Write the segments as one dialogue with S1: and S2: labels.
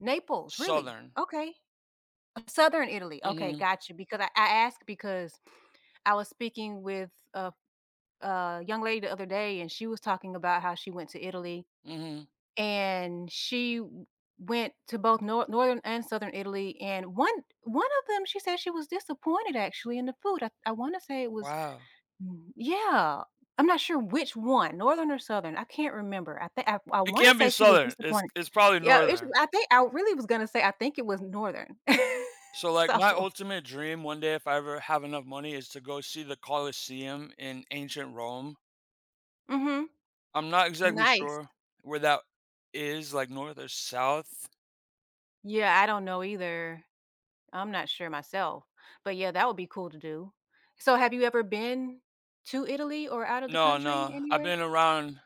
S1: Naples, really?
S2: Southern.
S1: Okay. Southern Italy. Okay,
S2: Mhm.
S1: gotcha, because I I asked because I was speaking with a a young lady the other day, and she was talking about how she went to Italy.
S2: Mhm.
S1: And she w went to both Nor Northern and Southern Italy, and one one of them, she said she was disappointed actually in the food I I wanna say it was
S2: Wow.
S1: mm Yeah, I'm not sure which one, Northern or Southern, I can't remember, I think I I
S2: It
S1: wanna
S2: can't be
S1: say she was
S2: Southern; it's
S1: disappointed
S2: it's probably
S1: Yeah, it's
S2: Northern.
S1: I think I really was gonna say I think it was Northern,
S2: So, like my
S1: so
S2: ultimate dream one day, if I ever have enough money is to go see the Colosseum in ancient Rome.
S1: Mhm.
S2: I'm not exactly
S1: Nice.
S2: sure where that is, like north or south.
S1: Yeah, I don't know either. I'm not sure myself. But yeah, that would be cool to do. So have you ever been to Italy or outta the
S2: No,
S1: country,
S2: no, I've
S1: anywhere?
S2: been around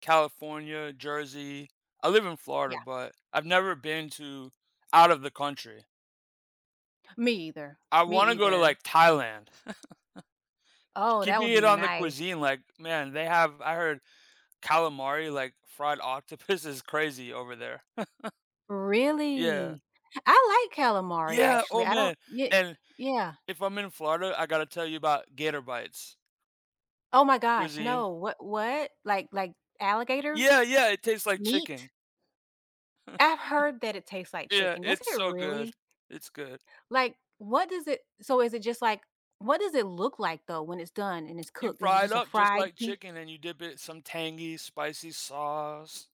S2: California, Jersey. I live in
S1: Yeah.
S2: Florida, but I've never been to out of the country.
S1: Me either.
S2: I
S1: Me
S2: wanna go to,
S1: either.
S2: like, Thailand.
S1: Oh, that
S2: Keeping
S1: would
S2: it
S1: be
S2: on the
S1: nice.
S2: cuisine, like, man, they have, I heard calamari, like, fried octopus is crazy over there. Yeah.
S1: Really? I like calamari,
S2: Yeah,
S1: actually
S2: oh
S1: I don't
S2: man,
S1: Ye
S2: and
S1: yeah.
S2: if I'm in Florida, I gotta tell you about gator bites.
S1: Oh my gosh,
S2: Cuisine.
S1: no wha what? Like like alligator?
S2: Yeah, yeah, it tastes like chicken.
S1: Meat? I heard that it tastes like
S2: Yeah,
S1: chicken;
S2: it's
S1: doesn't it
S2: so good.
S1: really?
S2: It's good.
S1: Like, what does it so is it just like what does it look like though when it's done and it's
S2: You
S1: cooked? Is it
S2: fry it
S1: just a
S2: up just
S1: fried
S2: like
S1: pie
S2: chicken and you dip it in some tangy, spicy sauce.